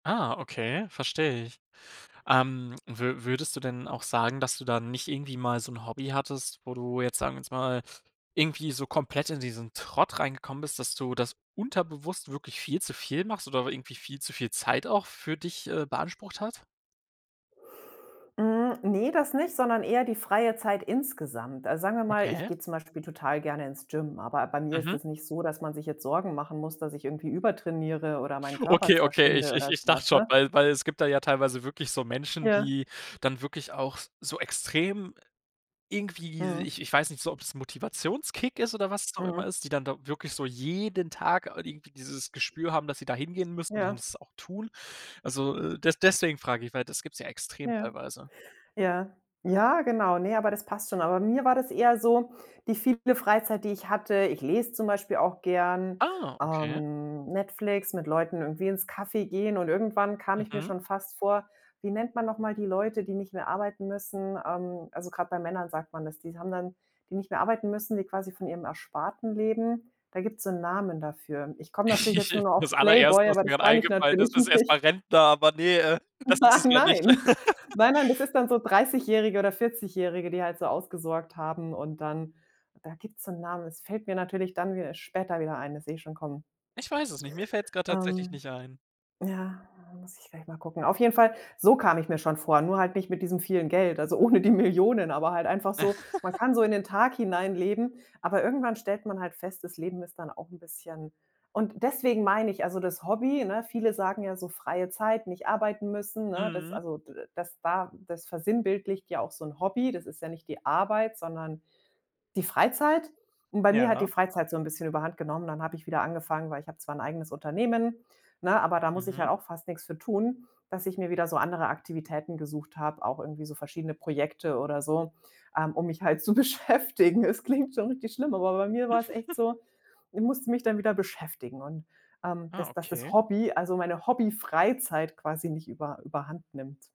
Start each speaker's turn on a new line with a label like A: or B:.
A: Ah okay, verstehe ich. Ähm, wü würdest du denn auch sagen, dass du da nicht irgendwie mal so 'n Hobby hattest, wo du jetzt- sagen wir jetzt mal- irgendwie so komplett in diesen Trott reingekommen bist, dass du das unterbewusst wirklich viel zu viel machst oder irgendwie viel zu viel Zeit auch für dich, äh, beansprucht hat?
B: Hm, ne, das nicht, sondern eher die freie Zeit insgesamt. Also, sagen wir mal, ich
A: Okay.
B: geh zum Beispiel total gerne ins Gym, aber bei mir ist
A: Mhm.
B: das nicht so, dass man sich jetzt Sorgen machen muss, dass ich irgendwie übertrainiere oder meinen Körper
A: Okay, okay,
B: zerschinde
A: ich ich
B: oder so
A: ich dachte
B: was,
A: schon,
B: ne?
A: weil weil es gibt da ja teilweise wirklich so Menschen,
B: Ja.
A: die dann wirklich auch so extrem irgendwie
B: Mhm.
A: ich ich weiß nicht so, ob das 'n Motivationskick ist oder was es auch
B: Mhm.
A: immer ist die dann da wirklich so jeden Tag da irgendwie dieses Gespür haben, dass sie da hingehen müssen und
B: Ja.
A: das auch tun. Also, äh, des deswegen frage ich, weil das gibt es ja extrem,
B: Ja.
A: teilweise.
B: Ja. Ja, genau. Ne, aber das passt schon. Aber bei mir war das eher so, die viele Freizeit, die ich hatte ich lese zum Beispiel auch gern,
A: Ah, okay.
B: ähm, Netflix, mit Leuten irgendwie ins Café gehen, und irgendwann kam ich mir
A: Mhm.
B: schon fast vor wie nennt man noch mal die Leute, die nicht mehr arbeiten müssen? Ähm, also grad bei Männern sagt man das. Die s haben dann die nicht mehr arbeiten müssen, die quasi von ihrem Ersparten leben. Da gibt's so 'n Namen dafür. Ich komm natürlich jetzt nur noch
A: Das
B: auf
A: Allererste,
B: Playboy,
A: was
B: aber
A: mir
B: das
A: grad
B: mein ich
A: eingefallen ist,
B: natürlich
A: ist erst
B: nicht.
A: mal Rentner, aber ne, äh, das ist es
B: Nein,
A: ja nicht.
B: nein, nein, nein, das ist dann so Dreißigjährige oder Vierzigjährige, die halt so ausgesorgt haben und dann da gibt's so 'n Namen. Das fällt mir natürlich dann wieder später wieder ein, das seh ich schon kommen.
A: Ich weiß es nicht, mir fällt's grad tatsächlich
B: Ähm.
A: nicht ein.
B: Ja, muss ich gleich mal gucken. Auf jeden Fall, so kam ich mir schon vor, nur halt nicht mit diesem vielen Geld, also ohne die Millionen, aber halt einfach so man kann so in den Tag hineinleben, aber irgendwann stellt man halt fest, das Leben ist dann auch 'n bisschen und deswegen meine ich, also das Hobby, ne, viele sagen ja so freie Zeit, nicht arbeiten müssen, ne, das
A: Mhm.
B: also dass da das versinnbildlicht ja auch so 'n Hobby. Das ist ja nicht die Arbeit, sondern die Freizeit. Und bei mir hat die
A: Ja.
B: Freizeit so 'n bisschen überhand genommen. Dann hab ich wieder angefangen weil ich hab zwar 'n eigenes Unternehmen, ne, aber da muss ich halt
A: Mhm.
B: auch fast nix für tun, dass ich mir wieder so andere Aktivitäten gesucht habe, auch irgendwie so verschiedene Projekte oder so, ähm, um mich halt zu beschäftigen. Es klingt schon richtig schlimm, aber bei mir war es echt so, ich musste mich dann wieder beschäftigen und, ähm,
A: Ah.
B: dass das das
A: Okay.
B: Hobby also meine Hobby-Freizeit quasi nicht über überhand nimmt.